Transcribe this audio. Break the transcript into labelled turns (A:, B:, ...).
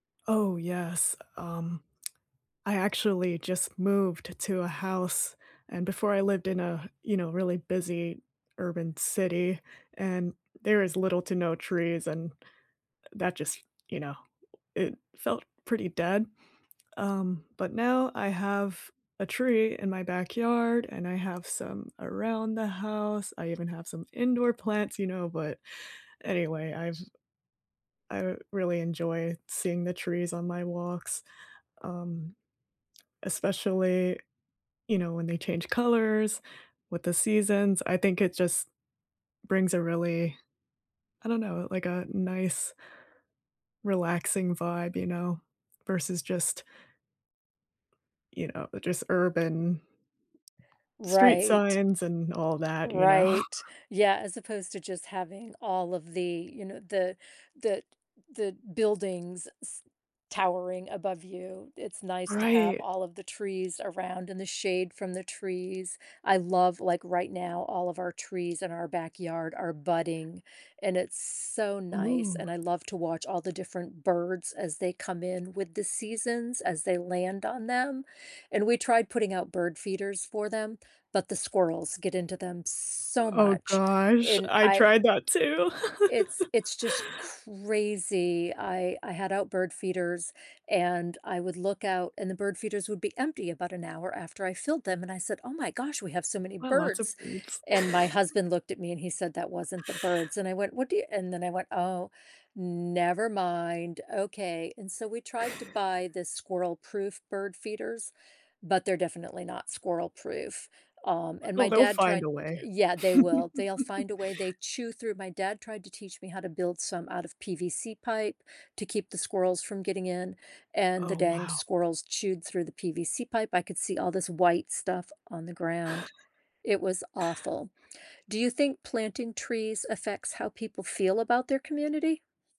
A: Oh, yes, um, I actually just moved to a house, and before I lived in a, you know, really busy urban city, and there is little to no trees, and, uh, that just, you know, it felt pretty dead. Um, but now I have a tree in my backyard, and I have some around the house. I even have some indoor plants, you know, but anyway, I've I really enjoy seeing the trees on my walks, um, especially, you know, when they change colors with the seasons. I think it just brings a really, I don't know, like a nice relaxing vibe, you know, versus just, you know, just urban street
B: Right.
A: signs and all that, you know.
B: Right. Yeah, as opposed to just having all of the, you know, the the the buildings s towering above you. It's nice to have
A: Right.
B: all of the trees around in the shade from the trees. I love like, right now, all of our trees in our backyard are budding, and it's so nice,
A: Ooh.
B: and I love to watch all the different birds as they come in with the seasons as they land on them, and we tried putting out bird feeders for them, but the squirrels get into them so
A: O oh
B: much,
A: gosh.
B: and
A: I
B: I
A: tried that too.
B: it's it's just crazy. I I had out bird feeders and I would look out and the bird feeders would be empty about an hour after I filled them, and I said, "Oh my gosh, we have so many
A: Well, lots of
B: birds."
A: birds.
B: And my husband looked at me and he said, "That wasn't the birds," and I went, "What do you" and then I went, "Oh, never mind. Okay." And so, we tried to buy the squirrel proof bird feeders, but they're definitely not squirrel proof. Um, and
A: Oh,
B: my
A: they'll
B: dad
A: find
B: tried
A: a way.
B: Yeah, they will. They'll find a way. They chew through My dad tried to teach me how to build some out of PVC pipe to keep the squirrels from getting in, and the
A: Oh,
B: dang
A: wow.
B: squirrels chewed through the PVC pipe. I could see all this white stuff on the ground. It was awful. Do you think planting trees affects how people feel about their community?